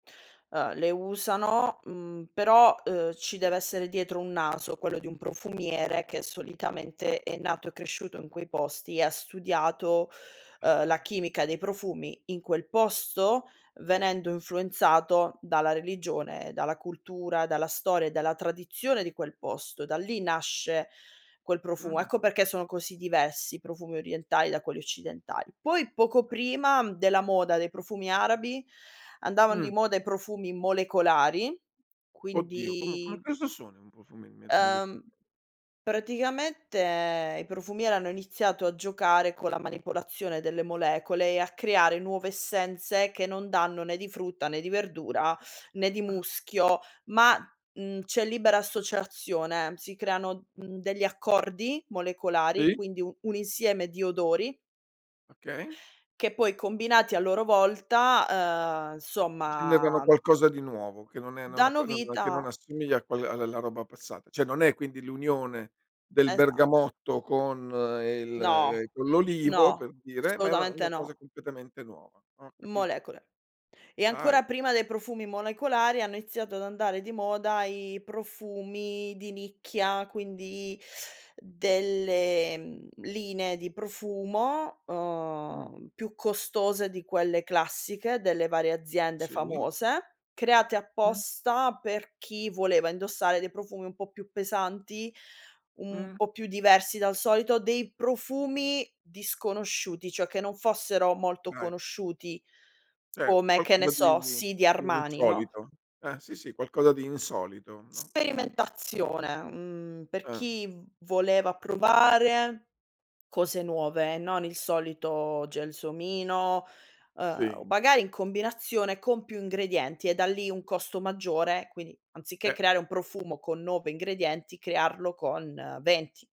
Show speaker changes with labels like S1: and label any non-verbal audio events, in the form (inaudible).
S1: Ah, le usano, mhmm, però, ehm, ci deve essere dietro un naso, quello di un profumiere che solitamente è nato e cresciuto in quei posti e ha studiato, ehm, la
S2: Ah.
S1: chimica dei profumi in quel posto, venendo influenzato dalla religione, dalla cultura, dalla storia e dalla tradizione di quel posto. Da lì nasce quel profumo.
S2: Mh-mh.
S1: Ecco perché sono così diversi i profumi orientali da quelli occidentali. Poi poco
S2: Ah.
S1: prima della moda dei profumi arabi, andavan di
S2: Mh.
S1: moda i profumi molecolari,
S2: Oddio, come come
S1: quindi
S2: cosa sono i profumi me moleco
S1: Ehm, praticamente i profumieri hanno iniziato a giocare con la manipolazione delle molecole e a creare nuove essenze che non danno né di frutta, né di verdura, né di
S2: Ah.
S1: muschio, ma, mhmm, c'è libera associazione. Si creano, mhmm, degli accordi molecolari,
S2: Sì.
S1: quindi u un insieme di odori
S2: Okay.
S1: che poi combinati a loro volta, ehm,
S2: Generano
S1: insomma
S2: qualcosa di nuovo che non è non app
S1: danno
S2: che non che non
S1: vita
S2: assomiglia a quella a alla roba passata. Cioè, non è quindi l'unione del
S1: Esa
S2: bergamotto con il
S1: No.
S2: ehm, con l'olivo, per
S1: No.
S2: dire, ma è una
S1: Assolutamente
S2: una cosa
S1: no.
S2: completamente nuova, ho capito.
S1: Molecole. E
S2: Dai.
S1: ancora prima dei profumi molecolari hanno iniziato ad andare di moda i profumi di nicchia, quindi (sucks teeth) delle, mhmm, linee di profumo,
S2: Mh.
S1: ehm, più costose di quelle classiche delle varie aziende
S2: Sì.
S1: famose, create
S2: Mh.
S1: apposta per chi voleva indossare dei profumi un po' più pesanti, un
S2: Mh.
S1: po' più diversi dal solito, dei profumi disconosciuti, cioè che non fossero molto
S2: Dai.
S1: conosciuti
S2: Certo,
S1: come, che ne
S2: qualcosa
S1: so,
S2: di
S1: "Sì" di
S2: di
S1: Armani, no?
S2: insolito. Ah, sì, sì qualcosa di insolito, no, no.
S1: Sperimentazione, mhmm, per
S2: Eh.
S1: chi voleva provare cose nuove, non il solito gelsomino, ehm o
S2: Sì.
S1: magari in combinazione con più ingredienti e da lì un costo maggiore. Quindi, anziché
S2: E
S1: creare un profumo con 9 ingredienti, crearlo con 20.